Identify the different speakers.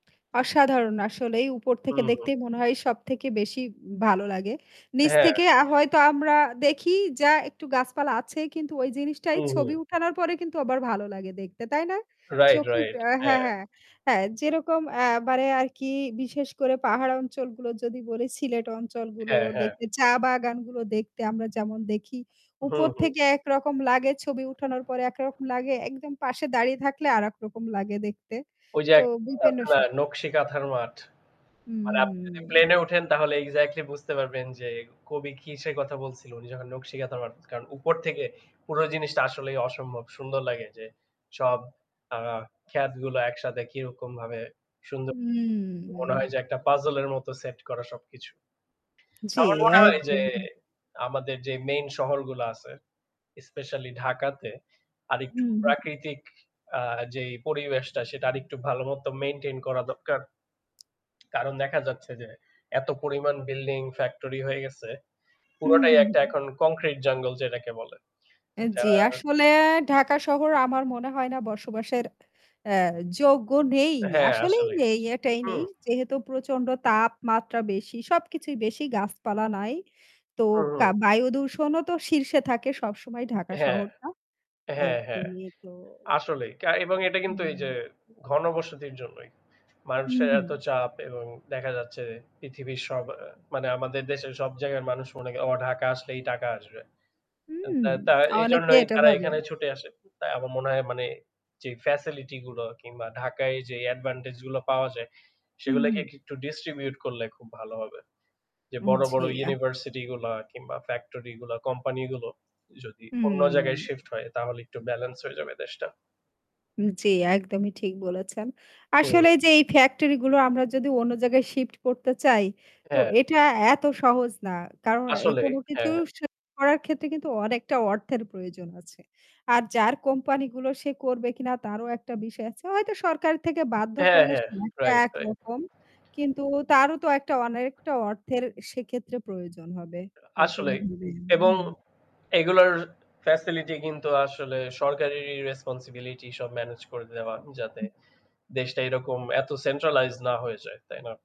Speaker 1: অসাধারণ। আসলেই উপর থেকে
Speaker 2: হুম, হুম।
Speaker 1: দেখতেই মনে হয় সবথেকে বেশি ভালো লাগে। নিচ
Speaker 2: হ্যাঁ।
Speaker 1: থেকে আ হয়তো আমরা দেখি যা একটু গাছপালা আছে কিন্তু ওই জিনিসটাই
Speaker 2: হুম, হুম।
Speaker 1: ছবি উঠানোর পরে কিন্তু আবার ভালো লাগে দেখতে। তাই না?
Speaker 2: রাইট,
Speaker 1: চোখে
Speaker 2: রাইট।
Speaker 1: হ্যাঁ,
Speaker 2: হ্যাঁ।
Speaker 1: হ্যাঁ, হ্যাঁ যেরকম এবারে আর কি বিশেষ করে পাহাড় অঞ্চলগুলো যদি বলি সিলেট অঞ্চলগুলো
Speaker 2: হ্যাঁ, হ্যাঁ।
Speaker 1: দেখতে চা বাগানগুলো দেখতে আমরা যেমন দেখি
Speaker 2: হু,
Speaker 1: উপর
Speaker 2: হু।
Speaker 1: থেকে একরকম লাগে, ছবি উঠানোর পরে একরকম লাগে একদম পাশে দাঁড়িয়ে থাকলে আরেকরকম লাগে দেখতে।
Speaker 2: ওই যে
Speaker 1: তো
Speaker 2: এক
Speaker 1: [unintelligible]
Speaker 2: [unintelligible] নকশি কাঁথার মাঠ। মানে আপনি যদি
Speaker 1: উম
Speaker 2: প্লেনে উঠেন তাহলে এক্সাক্টলি বুঝতে পারবেন যে কবি কিসের কথা বলছিল। উনি যখন নকশি কাঁথার মাঠ কারন উপর থেকে পুরো জিনিসটা আসলেই অসম্ভব সুন্দর লাগে। যে সব অ্যা ক্ষেতগুলো একসাথে কিরকমভাবে সুন্দর। মনে হয়
Speaker 1: উম
Speaker 2: যে একটা পাজল এর মত সেট করা সবকিছু।
Speaker 1: জি,
Speaker 2: আমার মনে হয় যে
Speaker 1: একদম।
Speaker 2: আমাদের যে মেইন শহরগুলো আছে, স্পেশালই ঢাকাতে আরেকটু
Speaker 1: হুম, হুম।
Speaker 2: প্রাকৃতিক অ্যা যেই পরিবেশটা সেটা আরেকটু ভালো মত মেইনটেইন করা দরকার। কারণ দেখা যাচ্ছে যে এত পরিমাণ বিল্ডিং, ফ্যাক্টরি হয়ে গেছে
Speaker 1: হু,
Speaker 2: পুরোটাই
Speaker 1: হু,
Speaker 2: একটা
Speaker 1: হু।
Speaker 2: এখন কংক্রিট জঙ্গল যেটাকে বলে।
Speaker 1: অ্যা জী,
Speaker 2: যারা
Speaker 1: আসলে ঢাকা শহর আমার মনে হয় না বসবাসের অ্যা যোগ্য নেই।
Speaker 2: হ্যাঁ,
Speaker 1: আসলেই
Speaker 2: আসলেই।
Speaker 1: নেই এটাই
Speaker 2: হু।
Speaker 1: নেই যেহেতু প্রচণ্ড তাপমাত্রা বেশি। সবকিছুই বেশি গাছপালা নাই। তো
Speaker 2: হুম,
Speaker 1: কা
Speaker 2: হুম।
Speaker 1: বায়ুদূষণও তো শীর্ষে থাকে সবসময় ঢাকা
Speaker 2: হ্যাঁ,
Speaker 1: শহরটা।
Speaker 2: হ্যাঁ, হ্যাঁ।
Speaker 1: একদমই তো
Speaker 2: আসলেই কা এবং এটা কিন্তু এই যে
Speaker 1: হুম।
Speaker 2: ঘনবসতির জন্যই।
Speaker 1: হুম,
Speaker 2: মানুষের
Speaker 1: হুম।
Speaker 2: এত চাপ এবং দেখা যাচ্ছে পৃথিবীর সব মানে আমাদের দেশের সব জায়গার মানুষ মনে, "ও ঢাকা আসলেই টাকা আসবে।" আ
Speaker 1: হুম।
Speaker 2: তা
Speaker 1: অনেকে
Speaker 2: এইজন্যই
Speaker 1: এটা
Speaker 2: তারা
Speaker 1: ভাবে।
Speaker 2: এখানে ছুটে আসে। তাই আমার মনে হয় মানে, জি ফ্যাসিলিটি গুলো কিংবা ঢাকায় যে অ্যাডভান্টেজ গুলো পাওয়া যায়
Speaker 1: হু,
Speaker 2: সেগুলোকে
Speaker 1: হু।
Speaker 2: একটু ডিস্ট্রিবিউট করলে খুব ভালো হবে। যে
Speaker 1: উ
Speaker 2: বড়,
Speaker 1: জী
Speaker 2: বড়
Speaker 1: আ
Speaker 2: ইউনিভার্সিটি গুলা কিংবা ফ্যাক্টরিগুলা, কোম্পানিগুলো যদি অন্য জায়গায়
Speaker 1: হুম।
Speaker 2: শিফট হয় তাহলে একটু ব্যালেন্স হয়ে যাবে দেশটা।
Speaker 1: জী, একদমই ঠিক বলেছেন। আসলে
Speaker 2: হুম।
Speaker 1: যে এই ফ্যাক্টরি গুলো আমরা যদি অন্য জায়গায় শিফট করতে চাই তো
Speaker 2: হ্যাঁ।
Speaker 1: এটা এত সহজ না। কারণ
Speaker 2: আসলেই
Speaker 1: কোনো কিছু
Speaker 2: হ্যাঁ।
Speaker 1: শিফট করার ক্ষেত্রে কিন্তু অনেকটা অর্থের প্রয়োজন আছে। আর যার কোম্পানি গুলো সে করবে কিনা তারও একটা বিষয় আছে। হয়তো সরকার থেকে বাধ্য
Speaker 2: হ্যাঁ
Speaker 1: করলে
Speaker 2: হ্যাঁ,
Speaker 1: সে [unintelligible]
Speaker 2: রাইট, রাইট।
Speaker 1: একরকম কিন্তু তারও তো একটা অনেকটা অর্থের সেক্ষেত্রে প্রয়োজন হবে
Speaker 2: আসলেই
Speaker 1: নতুনভাবে।
Speaker 2: এবং
Speaker 1: হুম।
Speaker 2: এগুলার ফ্যাসিলিটি কিন্তু আসলে সরকারেরই রেসপনসিবিলিটি সব মেনেজ করে দেওয়া
Speaker 1: উ
Speaker 2: যাতে
Speaker 1: হুম।
Speaker 2: দেশটা এরকম এত সেন্ট্রালাইজড না হয়ে যায়। তাই না?